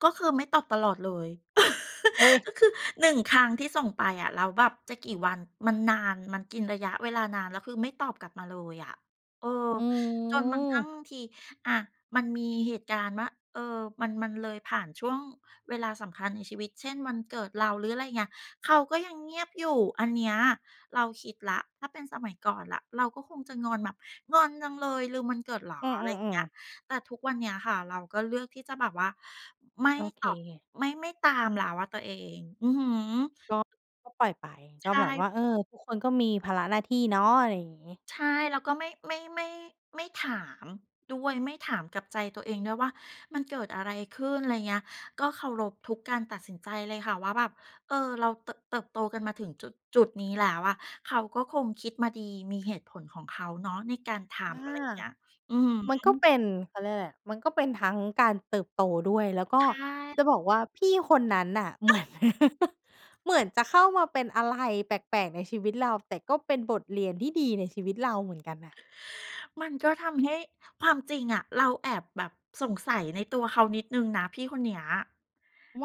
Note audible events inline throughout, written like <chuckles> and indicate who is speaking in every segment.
Speaker 1: ก็คือไม่ตอบตลอดเลย
Speaker 2: โอ๊ย
Speaker 1: <laughs> ก็คือ 1 ครั้งที่ส่งไปอะ แล้วแบบจะกี่วัน มันนาน มันกินระยะเวลานาน แล้วคือไม่ตอบกลับมาเลยอะ เออ
Speaker 2: อื
Speaker 1: จนบางครั้
Speaker 2: อ
Speaker 1: งบางที อ่า มันมีเหตุการณ์ว่า เออ มัน มันเลยผ่านช่วงเวลาสำคัญในชีวิต เช่น วันเกิดเรา หรืออะไรเงี้ย เขาก็ยังเงียบอยู่ อันเนี้ยเราคิดแล้ว ถ้าเป็นสมัยก่อนล่ะ เราก็คงจะงอนแบบ "งอนจังเลย ลืมวันเกิดเหรอ?"
Speaker 2: อื
Speaker 1: อะไรเงี
Speaker 2: อ
Speaker 1: ้ย
Speaker 2: ๆ ๆ
Speaker 1: แต่ทุกวันเนี้ยค่ะเราก็เลือกที่จะแบบว่า ไม่
Speaker 2: โอเ
Speaker 1: ตอบ
Speaker 2: ค
Speaker 1: ไม่ ไม่ตามแล้วอะตัวเอง อือฮึ
Speaker 2: ก็ ก็ปล่อยไป
Speaker 1: ใ
Speaker 2: ก
Speaker 1: ช
Speaker 2: ็แบบ
Speaker 1: ่
Speaker 2: ว่า เออ ทุกคนก็มีภาระหน้าที่เนาะ อะไรอย่างงี้
Speaker 1: ใช่ เราก็ไม่ ไม่ ไม่ ไม่ถามด้วย ไม่ถามกับใจตัวเองด้วยว่ามันเกิดอะไรขึ้น ไรเงี้ย ก็เคารพทุกการตัดสินใจเลยค่ะ ว่าแบบ เอ่อ เราเติบ เติบโตกันมาถึงจุด จุดนี้แล้วอะ เขาก็คงคิดมาดี มีเหตุผลของเขาเนาะ ในการท
Speaker 2: ค่
Speaker 1: ำอ
Speaker 2: ะ
Speaker 1: ะไรอย่างเงี้ย อือ
Speaker 2: มัน
Speaker 1: ฮ
Speaker 2: ก็
Speaker 1: ึ
Speaker 2: เป็น เขาเรียกอะไรอะ มันก็เป็นทั้งการเติบโตด้วย แล้วก
Speaker 1: ใ
Speaker 2: ็
Speaker 1: ช
Speaker 2: จะ
Speaker 1: ่
Speaker 2: บอกว่า พี่คนนั้นน่ะ เ
Speaker 1: อ
Speaker 2: หมือน <laughs> เหมือนจะเข้ามาเป็นอะไรแปลก ๆ ในชีวิตเรา แต่ก็เป็นบทเรียนที่ดีในชีวิตเราเหมือนกันน่ะ
Speaker 1: มันก็ทำให้ ความจริงอะ เราแอบแบบสงสัยในตัวเขานิดหนึ่งนะพี่คนเนี้ย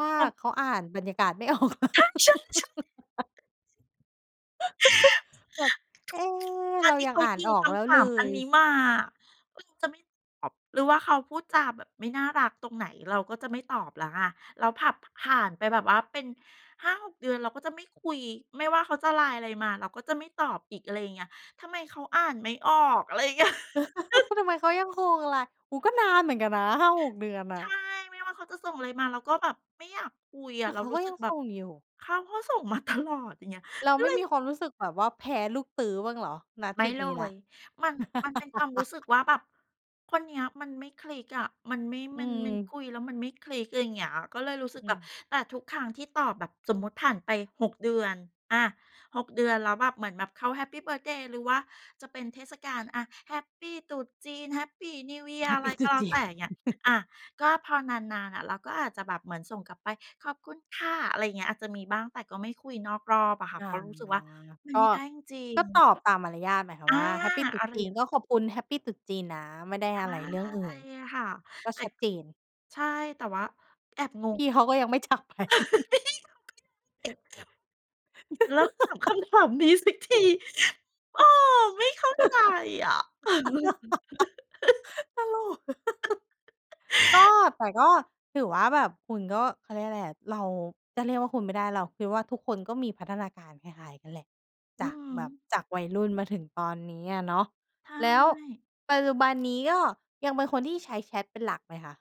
Speaker 2: ว่า
Speaker 1: เออ
Speaker 2: เขาอ่านบรรยากาศไม่ ออกเหรอ <laughs>
Speaker 1: ใช่ ๆ ๆ
Speaker 2: <giggles> แบบ เอ๊
Speaker 1: <gasps>
Speaker 2: ะ
Speaker 1: <unintelligible> บ
Speaker 2: เร
Speaker 1: าง
Speaker 2: า
Speaker 1: ที
Speaker 2: ยั
Speaker 1: เ
Speaker 2: ง
Speaker 1: ขา
Speaker 2: อ่าน
Speaker 1: ยิง
Speaker 2: ออ
Speaker 1: ค
Speaker 2: กแล้ว
Speaker 1: ำถ
Speaker 2: เล
Speaker 1: ามอัน
Speaker 2: ย
Speaker 1: นี้มา เราจะไม่ตอบ หรือว่าเขาพูดจาแบบไม่น่ารักตรงไหน เราก็จะไม่ตอบแล้วไง เราผับ ผ่านไปแบบว่าเป็น 5-6 เดือนเราก็จะไม่คุย ไม่ว่าเขาจะ LINE อะไรมา เราก็จะไม่ตอบอีก อะไรเงี้ย ทำไมเขาอ่านไม่ออก อะไรเงี้ย <chuckles>
Speaker 2: <chuckles> ทำไมเขายังคงอะไร โอ้โฮ ก็นานเหมือนกันนะ 5-6 เดือนอ
Speaker 1: ใช
Speaker 2: ะ
Speaker 1: ่ ไม่ว่าเขาจะส่งอะไรมา เราก็แบบไม่อยากคุยอ
Speaker 2: แต
Speaker 1: ะ
Speaker 2: ่
Speaker 1: เรา
Speaker 2: เขา
Speaker 1: รู
Speaker 2: ก
Speaker 1: ้
Speaker 2: ็
Speaker 1: สึ
Speaker 2: ยั
Speaker 1: ก
Speaker 2: ง
Speaker 1: แบ
Speaker 2: ส
Speaker 1: บ
Speaker 2: ่งอยู่
Speaker 1: เขาก็ส่งมา ตลอด อย่างเงี้ย
Speaker 2: เราไม่
Speaker 1: ก็เ
Speaker 2: ม
Speaker 1: ล
Speaker 2: ี
Speaker 1: ย
Speaker 2: ความรู้สึกแบบว่าแพ้ลูกตื๊อบ้างเหรอ? ณ
Speaker 1: ไม
Speaker 2: จ
Speaker 1: ่
Speaker 2: ุด
Speaker 1: เล
Speaker 2: นี้แล้
Speaker 1: ย
Speaker 2: ว
Speaker 1: มัน มันเป็นความรู้สึก
Speaker 2: <laughs>
Speaker 1: ว่าแบบ "คนเนี้ยมันไม่คลิกอะ มันไม่
Speaker 2: อื
Speaker 1: มัน มันค
Speaker 2: ม
Speaker 1: ุยแล้วมันไม่คลิก" อะไรเงี้ย ก็เลยรู้สึก
Speaker 2: อื
Speaker 1: แบบ
Speaker 2: ม
Speaker 1: แต่ทุกครั้งที่ตอบแบบสมมติผ่านไป 6 เดือน อ่า 6 เดือน แล้วแบบเหมือนแบบเขาแฮปปีเบิร์ทเดย์ หรือว่าจะเป็นเทศกาล อา แฮปปีตรุษจีน Happy New Year
Speaker 2: แฮ
Speaker 1: อ
Speaker 2: ป
Speaker 1: ะไ
Speaker 2: ป
Speaker 1: ร
Speaker 2: ีตร
Speaker 1: ก็
Speaker 2: ุษ
Speaker 1: แล้
Speaker 2: จ
Speaker 1: ว
Speaker 2: ี
Speaker 1: แต่
Speaker 2: น
Speaker 1: เงี้ย อา
Speaker 2: <chuckles>
Speaker 1: ก็พอนาน ๆ อะ เราก็อาจจะแบบเหมือนส่งกลับไป "ขอบคุณค่ะ" อะไรเงี้ย อาจจะมีบ้าง แต่ก็ไม่คุยนอกรอบอะค่ะ
Speaker 2: อ
Speaker 1: เ
Speaker 2: า
Speaker 1: พราะรู้สึกว่ามัน
Speaker 2: ก
Speaker 1: ไม
Speaker 2: ็
Speaker 1: ่ได้จริ
Speaker 2: ก
Speaker 1: ง
Speaker 2: ็ต
Speaker 1: ๆ
Speaker 2: อบตามมารยาท หมายควา
Speaker 1: อ
Speaker 2: ม
Speaker 1: า
Speaker 2: ว่า แฮปปีตรุ
Speaker 1: อ
Speaker 2: ษ
Speaker 1: ะไร
Speaker 2: จี
Speaker 1: อย
Speaker 2: น
Speaker 1: ่าง
Speaker 2: ก็ขอบคุณแฮปปีตรุษจีนนะ ไม่ได้
Speaker 1: ใช
Speaker 2: อะไรเรื่องอื่น
Speaker 1: ่ ค่ะ
Speaker 2: ก็
Speaker 1: แต่
Speaker 2: ชัดเจน
Speaker 1: ใช่ แต่ว่าแอบง
Speaker 2: พ
Speaker 1: ง
Speaker 2: ี่เขาก็ยังไม่ จากไป <chuckles>
Speaker 1: <laughs> ใช่ เขาไม่อยากเจ็บ เลิกถามค
Speaker 2: <laughs>
Speaker 1: ำถามนี้สักที เออ ไม่เข้าใจอะ <laughs>
Speaker 2: <laughs> ตลก
Speaker 1: <laughs>
Speaker 2: <chuckles> ก็ แต่ก็ถือว่าแบบคุณก็ เขาเรียกอะไรอะ เรา จะเรียกว่าคุณไม่ได้ เราคิดว่าทุกคนก็มีพัฒนาการคล้าย ๆ กันแหละ จ
Speaker 1: อื
Speaker 2: า
Speaker 1: อ
Speaker 2: ก
Speaker 1: ฮ
Speaker 2: แบบ
Speaker 1: ึ
Speaker 2: จากวัยรุ่นมาถึงตอนนี้อะเนาะ
Speaker 1: ใช
Speaker 2: แล้ว
Speaker 1: ่
Speaker 2: ปัจจุบัน นี้ก็ยังเป็นคนที่ใช้แชตเป็นหลักไหมคะ?